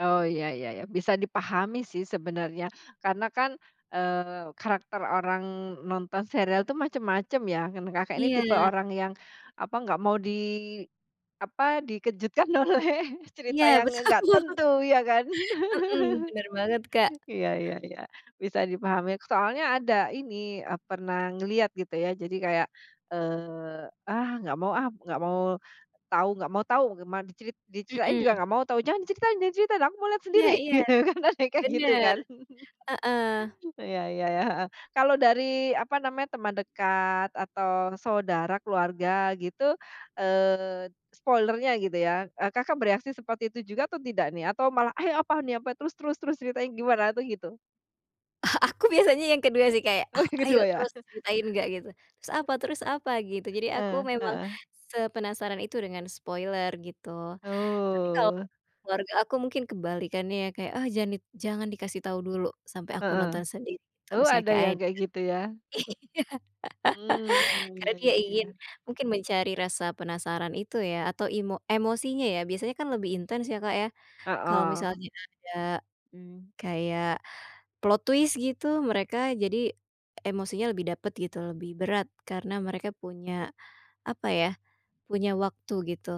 Oh, ya ya ya. Bisa dipahami, sih, sebenarnya. Karena, kan, eee, karakter orang nonton serial itu macem-macem, ya, kan. Kakak ini tipe Iya. orang yang, apa, enggak mau di, apa, dikejutkan oleh cerita Iya, yang nge betul enggak bu tentu, ya, kan? mhm, benar banget, Kak. Iya iya iya, bisa dipahami. Soalnya, ada ini, e pernah ngelihat, gitu, ya, jadi, kayak, eee, "Ah, enggak mau, ah! Enggak mau tahu enggak mau tahu, gimana, dicerit diceritain juga Mhm. enggak mau tahu! Jangan cerita jangan cerita! Aku lihat Iya sendiri!" iya, gitu, kan, ada yang kayak, gitu, benar, kan? heeh. Iya iya iya, heeh. Kalau dari, apa namanya, teman dekat atau saudara, keluarga, gitu, eee, spoiler-nya, gitu, ya, e Kakak bereaksi seperti itu juga atau tidak, nih? Atau, malah, "Eh, apaan nih? Apa? Terus terus terus, ceritanya gimana?" Atau, gitu? Ah, aku biasanya yang kedua, sih, kayak, Oh, "Oh, yang ayo, kedua, ya? terus ceritain, enggak," gitu. "Terus, apa terus, apa?" Gitu. Jadi, aku Eh, memang heeh. sepenasaran itu dengan spoiler, gitu. Tapi, kalau Oh. keluarga aku mungkin kebalikannya, ya, kayak, "Oh, jangan di jangan dikasih tahu dulu, sampai aku Heeh. nonton sendiri!" Atau, Oh, misalnya ada kayak, yang ad kayak gitu, ya? iya, Hmm, karena iya, dia ya ingin, ya. mungkin mencari rasa penasaran itu, ya, atau imo emosinya, ya. Biasanya, kan, lebih intens, ya, Kak, ya, kalau Heeh. misalnya ada, m kayak plot twist, gitu, mereka jadi emosinya lebih dapat, gitu, lebih berat, karena mereka punya, apa, ya, punya waktu, gitu,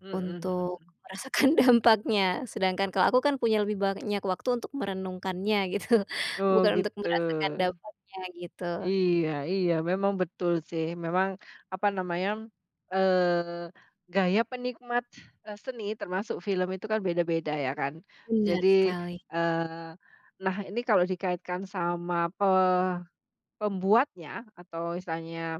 Mhm mhm untuk mhm. merasakan dampaknya. Sedangkan, kalau aku, kan, punya lebih banyak waktu untuk merenungkannya, gitu, Oh, bukan untuk gitu. merasakan dampaknya, gitu. Iya iya, memang betul, sih, memang, apa namanya, eee, gaya penikmat seni, termasuk film itu, kan, beda-beda, ya, kan? Benar Jadi, sekali. eee, nah, ini kalau dikaitkan sama pe pembuatnya atau misalnya